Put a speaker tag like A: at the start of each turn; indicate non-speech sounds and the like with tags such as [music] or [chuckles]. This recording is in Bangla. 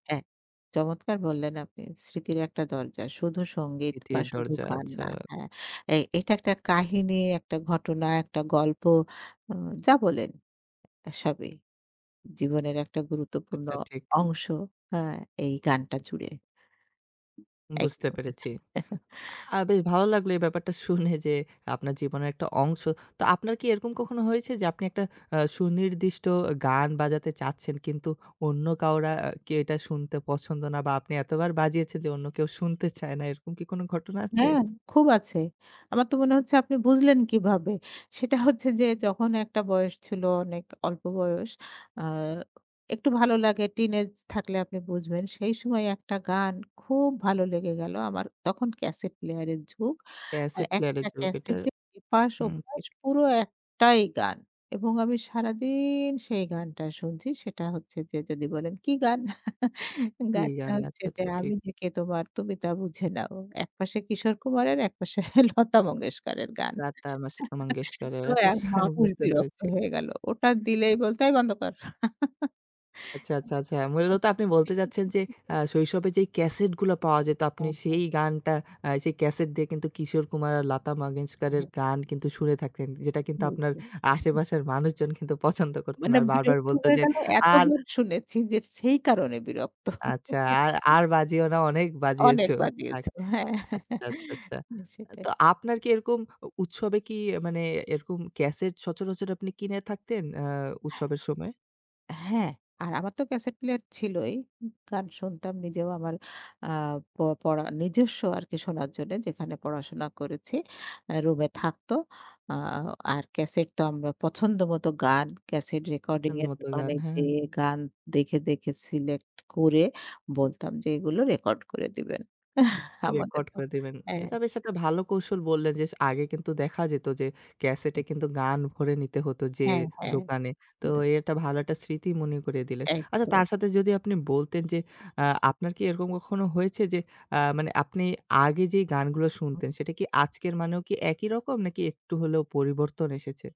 A: হ্যাঁ। চমৎকার বললেন আপনি স্মৃতির একটা দরজা। শুধু সঙ্গীত বা
B: স্মৃতির
A: শুধু
B: দরজা।
A: গান
B: আচ্ছা।
A: না। হ্যাঁ? এই এটা একটা কাহিনী, একটা ঘটনা, একটা গল্প, উ যা বলেন সবই। জীবনের একটা গুরুত্বপূর্ণ
B: আচ্ছা ঠিক।
A: অংশ হ্যাঁ এই গানটা জুড়ে।
B: বুঝতে
A: একদম
B: পেরেছি।
A: [chuckles]
B: আ বেশ ভালো লাগলো এই ব্যাপারটা শুনে যে আপনার জীবনের একটা অংশ। তো আপনার কি এরকম কখনো হয়েছে যে, আপনি একটা আ সুনির্দিষ্ট গান বাজাতে চাচ্ছেন কিন্তু অন্য কেউ কি এটা শুনতে পছন্দ না বা আপনি এতবার বাজিয়েছেন যে অন্য কেউ শুনতে চায় না। এরকম কি কোন ঘটনা
A: ন্যা
B: আছে?
A: খুব আছে। আমার তো মনে হচ্ছে আপনি বুঝলেন কিভাবে। সেটা হচ্ছে যে যখন একটা বয়স ছিল অনেক অল্প বয়স। আ একটু ভালো লাগে টিনেজ থাকলে আপনি বুঝবেন। সেই সময় একটা গান খুব ভালো লেগে গেল। আমার তখন ক্যাসেট প্লেয়ার এর যুগ। আ
B: ক্যাসেট প্লেয়ার এর
A: একটা
B: যুগ এটা।
A: ক্যাসেটের এপাশ
B: হুম,
A: ওপাশ
B: [unintelligible]
A: পুরো একটাই গান এবং আমি সারাদিন সেই গানটা শুনছি। সেটা হচ্ছে যে যদি বলেন কি গান? [chuckles]
B: কি
A: গানটা
B: গান?
A: হচ্ছে
B: আচ্ছা,
A: যে,
B: আচ্ছা, ঠিক।
A: 'আমি যে কে তোমার তুমি তা বুঝে নাও।' একপাশে Kishore Kumar-এর, একপাশে Lata Mangeshkar-এর গান
B: লতা মস
A: [laughs]
B: মঙ্গেশকরের
A: তো এক
B: [chuckles] আচ্ছা
A: মানুষ
B: বুঝতে
A: বিরক্ত
B: পেরেছি।
A: হয়ে গেল। ওটা দিলেই বলতো এই বন্ধ কর।
B: আচ্ছা, আচ্ছা, আচ্ছা।
A: [chuckles]
B: মোদ্দাকথা আপনি বলতে চাচ্ছেন যে আ
A: [unintelligible]
B: শৈশবে যেই ক্যাসেট গুলো পাওয়া যেত আপনি
A: হ্যাঁ,
B: সেই
A: হ্যাঁ।
B: গানটা আ সেই ক্যাসেট দিয়ে কিন্তু কিশোর কুমার আর লতা মঙ্গেশকরের
A: [unintelligible]
B: গান কিন্তু শুনে থাকতেন। যেটা কিন্তু আপনার
A: [unintelligible]
B: আশেপাশের মানুষজন কিন্তু পছন্দ করত না।
A: মানাম
B: আর বারবার
A: বিরক্ত
B: বলত
A: হয়ে
B: যে
A: গেল
B: আর
A: এতবার শুনেছি যে সেই কারণে বিরক্ত।
B: আচ্ছা আর
A: [chuckles]
B: আর বাজিও না অনেক বাজিয়েছ,
A: অনেক
B: থাক।
A: বাজিয়েছি। হ্যাঁ।
B: আচ্ছা, আচ্ছা,
A: [chuckles]
B: আচ্ছা।
A: হ্যাঁ।
B: তো
A: সেটাই।
B: আপনার কি এরকম অ উৎসবে কি মানে এরকম ক্যাসেট সচরাচর আপনি কিনে থাকতেন আ উৎসবের সময়?
A: হ্যাঁ, আর আমার তো ক্যাসেট প্লেয়ার ছিলই। গান শুনতাম নিজেও আমার আ প পড়া নিজস্ব আরকি শোনার জন্য যেখানে পড়াশোনা করেছি। আ রুমে থাকত। আ আর ক্যাসেট তো আমরা পছন্দ মতো গান ক্যাসেট রেকর্ডিং
B: পছন্দ
A: এর
B: মতোই গান,
A: দোকানে
B: হ্যাঁ।
A: যেয়ে গান দেখে, দেখে সিলেক্ট করে বলতাম যে এগুলো রেকর্ড করে দিবেন। [chuckles]
B: রেকর্ড
A: আমাদেরকে।
B: করে দিবেন।
A: হ্যাঁ,
B: এটা বেশ একটা ভালো কৌশল বললেন যে, আগে কিন্তু দেখা যেত যে ক্যাসেটে
A: [unintelligible]
B: কিন্তু গান ভরে নিতে হতো যেয়ে
A: হ্যাঁ, হ্যাঁ।।
B: দোকানে। তো
A: [unintelligible]
B: একটা ভালো একটা স্মৃতি মনে করিয়ে দিলেন। আচ্ছা,
A: একদম।
B: তার সাথে যদি আপনি বলতেন যে আ আপনার কি এরকম কখনো হয়েছে যে আ মানে আপনি আগে যেই গানগুলো শুনতেন সেটা কি আজকের মানেও কি একই রকম নাকি একটু হলেও পরিবর্তন এসেছে?